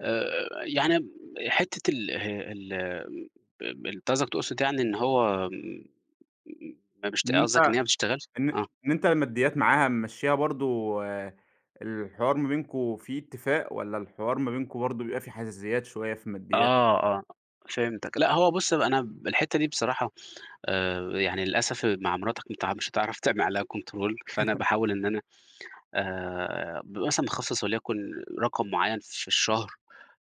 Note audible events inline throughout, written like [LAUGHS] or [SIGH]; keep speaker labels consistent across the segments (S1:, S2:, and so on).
S1: آآ، يعني امم حتة ال ال آآ، أنت قصدك تقصد يعني إن هو م م ما بيشت
S2: إن أنت
S1: قصدك إن هي ما بتشتغلش؟
S2: إن
S1: آه.
S2: إن أنت الماديات معاها ممشّيها برضه آآ، الحوار ما بينكم فيه اتفاق والَّا الحوار ما بينكم برضه بيبقى فيه حزازيات شوية في الماديات؟
S1: آه،
S2: [UNINTELLIGIBLE]
S1: آه فهمتك، لأ هو بُصّ بقى، أنا ب الحتة دي بصراحة آآ، يعني للأسف مع مراتك، أنت مش هتعرف تعمل عليها control فأنا
S2: [LAUGHS]
S1: باحاول إن أنا آآ، بابقى مثلًا مخصّص وليكن رقم معيّن في الشهر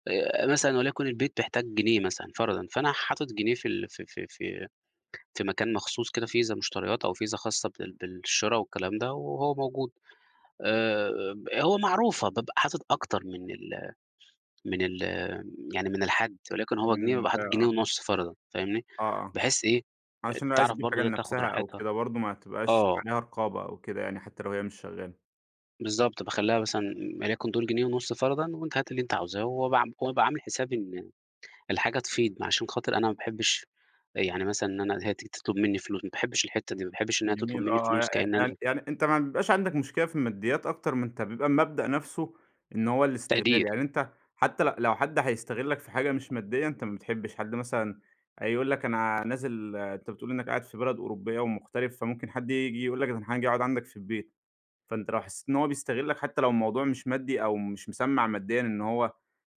S1: آآ، مثلًا وليكن البيت بيحتاج جنيه مثلًا، فرضًا فأنا حاطط جنيه في ال في في في في مكان مخصوص كده فيزا مشتريات أو فيزا خاصة بال بالشرا والكلام ده وهو موجود آآ، ب هو معروفة بابقى حاطط أكتر من ال من ال يعني من الحد، وليكن هو جنيه بابقى
S2: [UNINTELLIGIBLE]
S1: حاطط جنيه
S2: آه.
S1: ونُصّ، فرضًا فاهمني،
S2: آه، آه،
S1: بحيث إيه
S2: علشان لو عايزة
S1: تعرف
S2: تجيب حاجة
S1: برضه هي تاخد
S2: لنفسها أو
S1: راحتها
S2: كده برضه، ما تبقاش
S1: آه.
S2: عليها رقابة أو كده يعني، حتى لو هي مش شغالة.
S1: بالضبط، باخلّيها مثلًا وليكن دول جنيه ونص فرضًا وأنتِ هاتي اللي أنتِ عاوزاه، وأبقى عام وأبقى عامل حسابي إن الحاجة تفيض، عشان خاطر أنا ما باحبش يعني مثلًا إن أنا هي تيجي تطلب مني فلوس، ما باحبش الحتة دي، ما باحبش إن هي تطلب
S2: جميل آه،
S1: مني
S2: آه
S1: فلوس
S2: يع
S1: كأن
S2: يع
S1: أنا
S2: يعني أنت ما ع بيبقاش عندك مشكلة في الماديات أكتر من أنت بيبقى المبدأ نفسه إن هو الاستغلال،
S1: تقدير.
S2: يعني أنت حتى ل لو حد هيستغلك في حاجة مش مادية أنت ما بتحبش حد مثلًا هيقول لك أنا نازل أنت بتقول إنك قاعد في بلد أوروبية ومغترب، فممكن حد ييجي يقول لك: "أنا حاجي أقعد عندك في البيت." فأنت لو حسيت إن هو بيستغلك حتى لو الموضوع مش مادي أو مش مسمّع ماديًا إن هو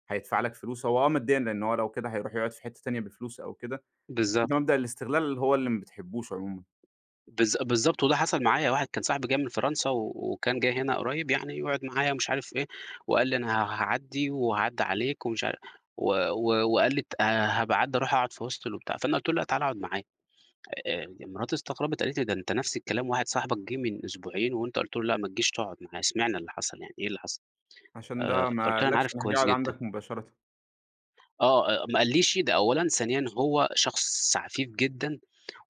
S2: هيدفع لك فلوس، هو آه ماديًا لأنه هو لو كده هيروح يقعد في حتة تانية بفلوس أو كده، بس أنت
S1: بالضبط.
S2: مبدأ الاستغلال هو اللي ما بتحبوش عمومًا.
S1: بالض بالضبط، وده حصل معايا واحد كان صاحبي جاي من فرنسا وكان جاي هنا قريّب يعني يقعد معايا ومش عارف إيه، وقال لي: "أنا ه هاعدّي وأعدّي عليك" ومش عارف و و وقال لي: "هابقى أعدّي أروح أقعد في hostel." وبتاع، فأنا قُلت له: "لا، تعالَ أقعد معايا." آآ، مراتي استغربِت قالت لي: "ده أنت نفس الكلام واحد صاحبك جِه من أسبوعين وأنت قلت له: 'لأ، ما تجيش تقعد معايا،' اشمعنى اللي حصل يعني إيه اللي حصل؟"
S2: عشان ده
S1: آآ،
S2: ما
S1: فقُلت لها: "أنا
S2: قالكش
S1: عارف
S2: راح جَه
S1: كويس
S2: قعد
S1: جدًا."
S2: عندك مباشرةً.
S1: آه، أ ما قاليش ده أولًا، ثانيًا هو شخص عفيف جدًا،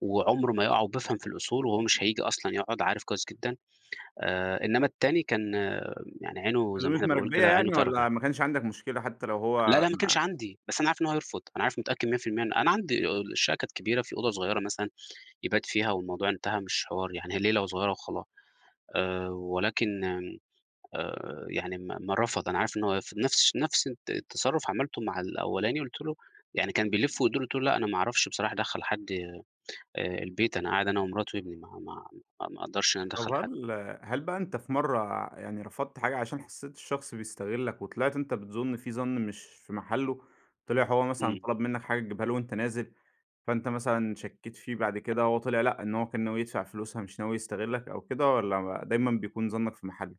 S1: وعمرُه ما يقع وبيفهم في الأصول وهو مش هييجي أصلًا يقعد، عارف كويس جدًا آآ، إنّما التاني كان آآ، يعني عينُه زي ما
S2: عزومة
S1: إحنا بنقول
S2: مراكبية
S1: كده، عينُه
S2: يعني،
S1: فارغة.
S2: والَّا ما كانش عندك مشكلة حتى لو
S1: لا،
S2: هو
S1: لا ما
S2: ما
S1: كانش عندي، بس أنا عارف إنه هيرفض أنا عارف ومتأكد 100% إن أنا عندي الشقة كانت كبيرة، في أوضة صغيرة مثلًا يبات فيها، والموضوع انتهى مش حوار يعني، هي ليلة وصغيرة وخلاص آآ، ولكن امم آآ، يعني ما ما رفض أنا عارف إن هو هيرفض. نَفْس الش نَفْس الت التصرف عملتُه مع الأولاني، قُلت له يعني كان بيلِّف ويدور قلت له: "لأ، أنا ما أعرفش بصراحة أدخّل حد آآ، البيت، أنا قاعد أنا ومراتي وابني، ما ما ما أقدرش إن أنا
S2: طَب
S1: أدخّل حد."
S2: وهل هل بقى أنت في مرّة يعني رفضت حاجة عشان حسيت الشخص بيستغلك، وطلعت أنت بتظُن فيه ظَنّ مش في محلُّه؟ طِلِع هو مثلًا
S1: إمم.
S2: طلب منك حاجة تجيبها له وأنت نازل، فأنت مثلًا شكيت فيه، بعد كده هو طِلِع لأ إن هو كان ناوي يدفع فلوسها مش ناوي يستغلك أو كده؟ والَّا دايمًا بيكون ظنَّك في محلُّه؟